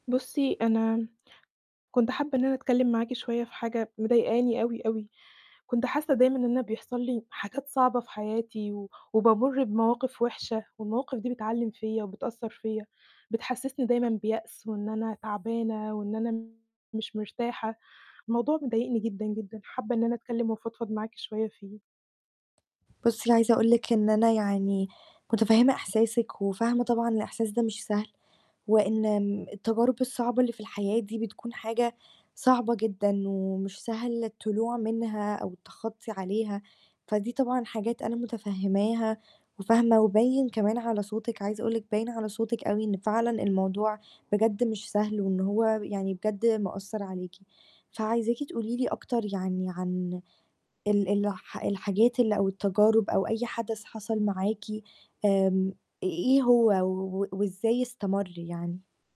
بُصّي، أنا كنت حابة إن أنا أتكلِّم معاكِ شويّة في حاجة مضايقاني أوي، أوي. كنت حاسّة دايمًا إن أنا بيحصل لي حاجات صعبة في حياتي، و وبامُر بمواقف وِحشة، والمواقف دي بتعلِّم فيّا وبتأثّر فيّا، بتحسّسني دايمًا بيأس، وإن أنا تعبانة، وإن أنا مش مرتاحة. الموضوع مضايقني جدًا، جدًا، حابّة إن أنا أتكلِّم وأفضفض معاكِ شويّة فيه. بُصّي عايزة أقول لِك إن أنا يعني مُتَفهِّمة إحساسِك، وفاهمة طبعًا الإحساس ده مش سهل، وإن آمم، التجارب الصعبة اللي في الحياة دي بتكون حاجة صعبة جدًا، ومش سهل الطلوع منها، أو التخطي عليها. فدي طبعًا حاجات أنا مُتَفهِّماها، وفاهمة، وباين كمان على صوتِك، عايزة أقول لِك باين على صوتِك أوي إن فعلًا الموضوع بجد مش سهل، وإن هو ب يعني بجد مأثّر عليكِ. فعايزاكِ تقول لي أكتر يعني عن ال الح الحاجات ال أو التجارب أو أي حدث حصل معاكِ آمم، إ إيه هو، و وإزاي استمر يعني؟